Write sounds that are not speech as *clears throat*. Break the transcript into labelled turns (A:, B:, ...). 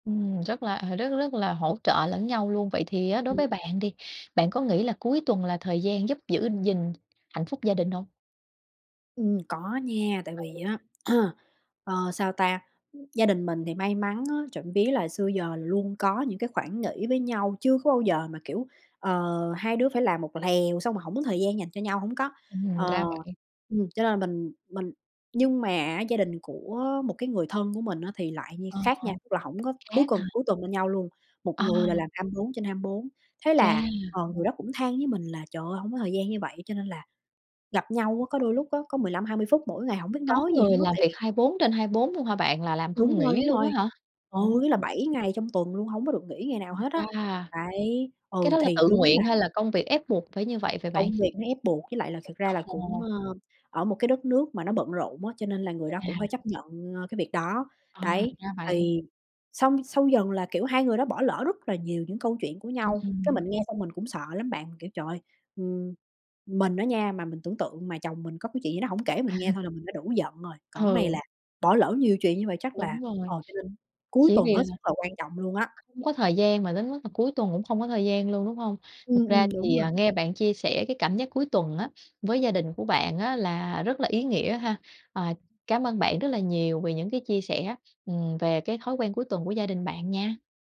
A: Ừm, rất là rất rất là hỗ trợ lẫn nhau luôn. Vậy thì á đối với bạn đi, bạn có nghĩ là cuối tuần là thời gian giúp giữ gìn hạnh phúc gia đình hông?
B: Ừm, có nha, tại vì
A: Ừ.
B: á, *clears throat* ờ, sao ta, gia đình mình thì may mắn á, trộm vía là xưa giờ là luôn có những cái khoảng nghỉ với nhau, chưa có bao giờ mà, kiểu, ờ, 2 đứa phải làm một lèo xong rồi hổng có thời gian dành cho nhau, hổng có.
A: Ừm,
B: Ờ,
A: ra vậy.
B: ừm, cho nên là mình mình nhưng mà á gia đình của một cái người thân của mình á thì lại như
A: Ờ,
B: khác nha, tức là hổng có cuối
A: khác
B: cuần
A: hả?
B: cuối tuần bên nhau luôn. Một
A: À.
B: người là làm 24/24, thế
A: Chà.
B: là, ờ, người đó cũng than với mình là "Trời ơi, hông có thời gian như vậy cho nên là gặp nhau á, có đôi lúc á có 15-20 phút mỗi ngày, hổng biết
A: Có
B: nói gì
A: người
B: hết,
A: làm
B: tại
A: việc
B: vì
A: 24/24 luôn hả bạn, là làm
B: Đúng
A: không
B: rồi,
A: nghỉ
B: đúng
A: luôn á
B: rồi.
A: hả?
B: Ừ,
A: Ồ!
B: ý là 7 ngày trong tuần luôn, hông có được nghỉ ngày nào
A: Ừm,
B: hết á,
A: wow.
B: đấy,
A: Cái
B: ừ,
A: đó là
B: thì
A: tự
B: đúng là
A: nguyện hay là công việc ép buộc phải như vậy vậy bạn?
B: Công việc nó ép buộc, với lại là thật ra là cũng,
A: Ồ!
B: ờ, ở một cái đất nước mà nó bận rộn á, cho nên là người đó cũng phải
A: À!
B: chấp nhận, ờ, cái việc đó,
A: À, thì
B: đấy.
A: ra vậy.
B: Thì xong sau dần là, kiểu, 2 người đó bỏ lỡ rất là nhiều những câu chuyện của
A: Ừm,
B: nhau. Cái mình
A: ừm.
B: nghe xong mình cũng sợ lắm bạn, kiểu, trời ơi, ừm, mình á nha mà mình tưởng tượng mà chồng mình có cái chuyện gì đó hổng kể
A: À.
B: mình nghe thôi là mình đã đủ giận rồi, còn cái này
A: Ừ.
B: là bỏ lỡ nhiều chuyện như vậy chắc là
A: Đúng rồi,
B: ờ, cho nên cuối
A: chỉ
B: tuần
A: vì
B: hết
A: là
B: sức là quan trọng luôn á.
A: không có thời gian mà đến mức là cuối tuần cũng không có thời gian luôn, đúng hông? Thật
B: Ừm,
A: ra
B: ừm, đúng
A: thì,
B: rồi.
A: ờ, nghe bạn chia sẻ cái cảm giác cuối tuần á với gia đình của bạn á là rất là ý nghĩa ha. À, cám ơn bạn rất là nhiều vì những cái chia sẻ, ừm, về cái thói quen cuối tuần của gia đình bạn nha.